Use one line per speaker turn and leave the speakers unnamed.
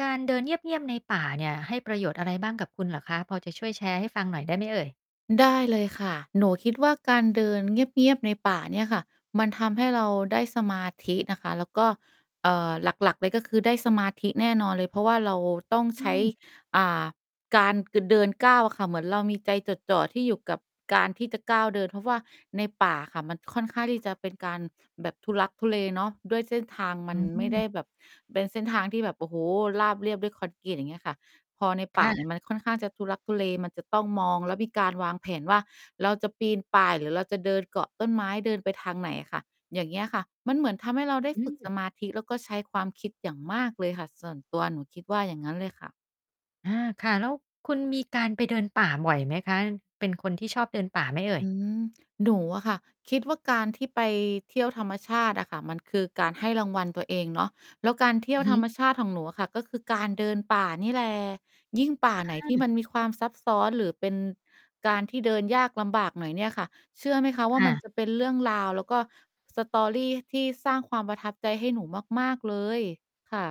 การเดินเงียบ ๆ ในป่าเนี่ย ให้ประโยชน์อะไรบ้างกับคุณเหรอคะ? พอจะช่วยแชร์ให้ฟังหน่อยได้ไหมเอ่ย?
ได้เลยค่ะ หนูคิดว่าการเดินเงียบ ๆ ในป่าเนี่ยค่ะ มันทำให้เราได้สมาธินะคะ แล้วก็ เอ่อ หลัก ๆ เลยก็คือได้สมาธิแน่นอนเลย เพราะว่าเราต้อง
อื
ใช้
ม
อ่า การ ก เดินก้าวอะค่ะ เหมือนเรามีใจจดจ่อที่อยู่กับการที่จะก้าวเดิน เพราะว่าในป่าค่ะ มันค่อนข้างที่จะเป็นการแบบทุลักทุเลเนาะ ด้วยเส้นทางม
อ
ั
ื
นไม่ได
ม
้แบบเป็นเส้นทางที่แบบ โอ้โฮ ราบเรียบด้วยคอนกรีต อย่างเงี้ยค่ะ พอใน
ค
ป่า
่ะ
นี่มันค่อนข้างจะทุลักทุเล มันจะต้องมองแล้วมีการวางแผนว่า เราจะปีนป่ายหรือเราจะเดินเกาะต้นไม้ เดินไปทางไหนค่ะ อย่างเงี้ยค่ะ มันเหมือนทำให้เราได้
อื
ฝึกส
ม
มาธิ แล้วก็ใช้ความคิดอย่างมากเลยค่ะ ส่วนตัวหนูคิดว่าอย่างงั้นเลยค่ะ
อา ค่ะ แล้วคุณมีการไปเดินป่าบ่อยไหมคะ? เป็นคนที่ชอบเดินป่าไหมเอ่
อ
ย?
ืม หนูอะค่ะ คิดว่าการที่ไปเที่ยวธรรมชาติอะค่ะ มันคือการให้รางวัลตัวเองเนาะ แล้วการเที่ย
อื
ว
อฮ
ธร
ึ
รมชาติของหนูอะค่ะ ก็คือการเดินป่านี่แหละ ยิ่งป่าไหนที่
อา
มันมีความซับซ้อน หรือเป็นการที่เดินยากลำบากหน่อยเนี่ยค่ะ เชื่อไหมคะว่
ค
า
่
มัน
ะ
จะเป็นเรื่องราวแล้วก็ story ที่สร้างความประทับใจให้หนูมาก ๆ เลย ค่ะ